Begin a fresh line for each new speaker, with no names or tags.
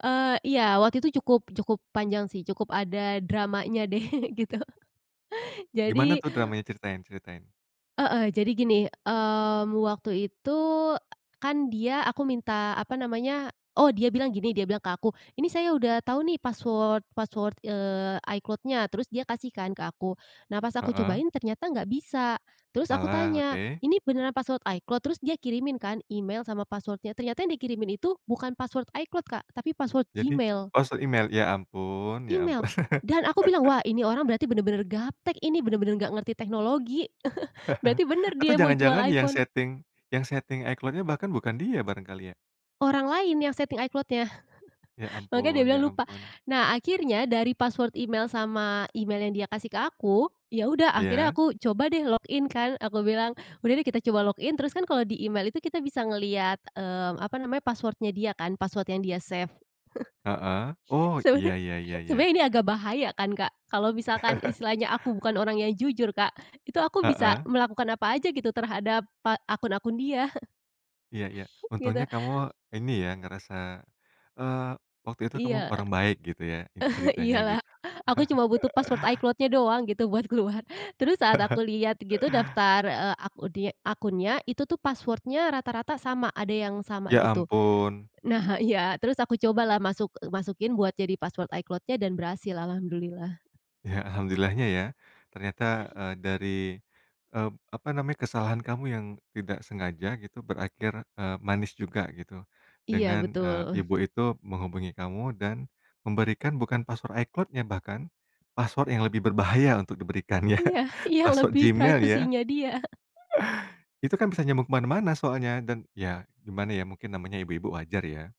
Eee, iya. Waktu itu cukup cukup panjang sih, cukup ada dramanya deh, gitu.
Gimana
Jadi
tuh dramanya? Ceritain ceritain.
Heeh, jadi gini, mmm, waktu itu kan dia aku minta, apa namanya oh, dia bilang gini. Dia bilang ke aku, “Ini saya udah tahu nih password password, eee, iCloud-nya,” terus dia kasih kan ke aku. Nah pas aku
Heeh.
cobain ternyata nggak bisa. Terus aku
Salah,
tanya,
oke.
“Ini beneran password iCloud?” Terus dia kirimin kan email sama password-nya. Ternyata yang dikirimin itu bukan password iCloud, Kak, tapi password
Jadi?
Gmail.
Password email, ya ampun ya
Email,
ampun.
dan aku bilang, "Wah ini orang berarti benar-benar gaptek ini, benar-benar nggak ngerti teknologi." Berarti bener
Atau
dia mau jual
jangan-jangan yang
iPhone.
setting yang setting iCloud-nya bahkan bukan dia barangkali ya?
Orang lain yang setting iCloudnya.
Ya
Makanya dia
ampun ya
bilang lupa.
ampun.
Nah akhirnya dari password email sama email yang dia kasih ke aku, ya udah akhirnya
Ya.
aku coba deh login kan. Aku bilang, "Udah deh kita coba login," terus kan kalau di email itu kita bisa ngelihat, mmm, apa namanya password-nya dia kan password yang dia save.
Heeh. Oh, iya
Sebena
iya iya iya.
sebenarnya ini agak bahaya kan, Kak. Kalau misalkan istilahnya aku bukan orang yang jujur, Kak, itu aku bisa
Heeh.
melakukan apa aja gitu terhadap pa akun-akun dia.
Iya iya.
Gitu.
Untungnya kamu ini ya, ngerasa eee, waktu itu kamu
Iya.
orang baik gitu ya, in ceritanya
Iya lah,
gitu.
aku cuma butuh password iCloud-nya doang gitu buat keluar. Terus saat aku lihat gitu daftar, eee, akun de akunnya, itu tuh password-nya rata-rata sama, ada yang sama
Ya
gitu.
ampun.
Nah iya, terus aku cobalah masuk masukin buat jadi password iCloud-nya dan berhasil. Alhamdulillah.
Ya, alhamdulillah-nya ya. Ternyata, eee, dari, eee, apa namanya, kesalahan kamu yang tidak sengaja gitu berakhir, eee, manis juga gitu.
Iya
Dengan, eee,
betul.
ibu itu menghubungi kamu dan memberikan bukan password iCloud-nya bahkan, password yang lebih berbahaya untuk diberikan ya,
Iya iya.
password
lebih
Gmail ya.
privasinya dia
Itu kan bisa nyambung kemana-mana soalnya. Dan ya gimana ya, mungkin namanya ibu-ibu wajar ya.